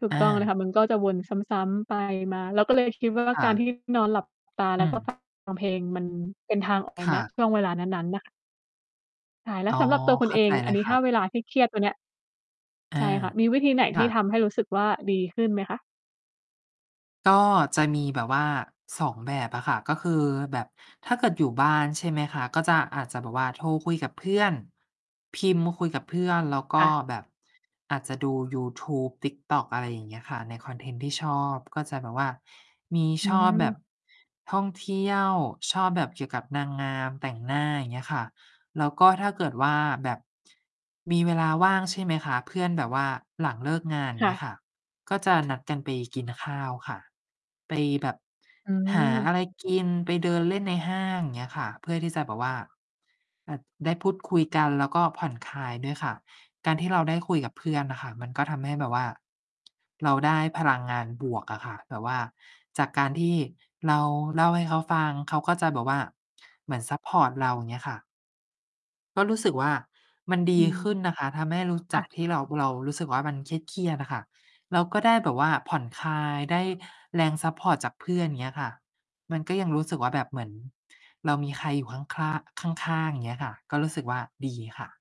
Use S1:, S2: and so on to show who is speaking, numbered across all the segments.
S1: ถูก
S2: อ
S1: ต้องเลย
S2: า
S1: ค่ะ มันก็จะวนซ้ำ ๆ ไปมา เราก็ เลยคิดว่า
S2: ค
S1: ก
S2: ่
S1: ารท
S2: ะ
S1: ี่ นอนหลับตาแ
S2: อ
S1: ล
S2: ื
S1: ้วก็ ฟ
S2: อ
S1: ัง เพลง มันเป็นทาง ออก
S2: ค่
S1: ณ
S2: ะ
S1: ช่วงเวลานั้น ๆ น่ะค่ะ ใช่ แล้
S2: อ
S1: ว
S2: ๋อ
S1: สำหรับตัวคุ
S2: เข
S1: ณ
S2: ้
S1: เ
S2: า
S1: อ
S2: ใจ
S1: ง อ
S2: เ
S1: ั
S2: ล
S1: น
S2: ย
S1: นี้
S2: ค
S1: ถ
S2: ่
S1: ้า
S2: ะ
S1: เวลาเครียด ๆ ตัวเนี้ย
S2: อ
S1: ใ
S2: า
S1: ช่ค่ะ มีวิธีไหน
S2: ค
S1: ที
S2: ่
S1: ่ท
S2: ะ
S1: ำให้รู้สึกว่าดีขึ้นไหมคะ?
S2: ก็จะมีแบบว่า 2 แบบอะค่ะ ก็คือแบบ ถ้าเกิดอยู่บ้าน ใช่ไหมคะ ก็จะ อาจจะแบบว่าโทรคุยกับเพื่อน พิมพ์คุยกับเพื่อน แล้วก
S1: ค่
S2: ็
S1: ะ
S2: แบบอาจจะดูยูทูบ TikTok อะไรอย่างเงี้ยค่ะ ในคอนเทนต์ที่ชอบ ก็จะแบบว่า มี
S1: อื
S2: ชอบแบบ
S1: ม
S2: ท่องเที่ยว ชอบแบบเกี่ยวกับนางงาม แต่งหน้า อย่างเงี้ยค่ะ แล้วก็ถ้าเกิดว่าแบบ มีเวลาว่าง ใช่ไหมคะ เพื่อนแบบว่าหลังเลิกงาน อย่
S1: ค
S2: าง
S1: ่
S2: เงี้ย
S1: ะ
S2: ค่ะ ก็จะ นัดกันไปกินข้าวค่ะ ไป แบบ
S1: อ
S2: หา
S1: ืม
S2: อะไรกิน ไปเดินเล่นในห้าง เงี้ยค่ะ เพื่อที่จะแบบว่า แบบได้พูดคุยกัน แล้วก็ผ่อนคลายด้วยค่ะ การที่เราได้คุยกับเพื่อนน่ะค่ะ มันก็ทำให้แบบว่า เราได้พลังงานบวกอะค่ะ แบบว่าจากการที่เราเล่าให้เขาฟัง เขาก็จะแบบว่าเหมือนซัปพอร์ตเรา อย่างเงี้ยค่ะ ก็รู้สึกว่า มันด
S1: อื
S2: ี
S1: ม
S2: ขึ้นนะคะ ทำให้รู้
S1: ค
S2: จ
S1: ่
S2: ัก
S1: ะ
S2: ที่เรา เรารู้สึกว่ามันเครียด ๆ อะค่ะ เราก็ได้แบบว่าผ่อนคลาย ได้แรงซัปพอร์ตจากเพื่อน อย่างเงี้ยค่ะ มันก็ยังรู้สึกว่า แบบเหมือนเรามีใครอยู่ข้างขร้าง ข้าง ๆ อย่างเงี้ยค่ะ ก็รู้สึกว่าดีค่ะ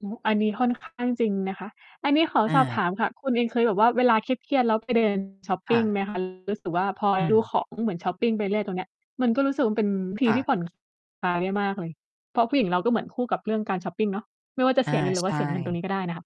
S1: โอ้ อันนี้ค่อน ข้าง จริงนะคะ อันนี้ขอ
S2: อ
S1: สอบถ
S2: า
S1: ามค่ะ คุณเองเคยแบบว่าเวลาเครียด ๆ แล้วไป เดิน ช็อปป
S2: ค่
S1: ิงไห
S2: ะ
S1: มคะ? รู้ สึกว่า พอ
S2: อื
S1: ดู
S2: ม
S1: ของ เหมือนช็อปปิงไปเรื่อย ๆ ตรงเนี้ย มันก็รู้สึกว่ามันเป็นวิธ
S2: ค
S1: ี
S2: ่
S1: ที
S2: ะ
S1: ่ ผ่อนคลาย ได้มากเลย เพราะผู้หญิงเราก็เหมือนคู่กับเรื่องการช็อปปิงเนาะ ไม่ว่าจะ
S2: อ
S1: เ
S2: า
S1: สียเงินหรือ
S2: ใ
S1: ว
S2: ช
S1: ่าเสียเงินตรง
S2: ่
S1: นี้ก็ได้น่ะค่ะ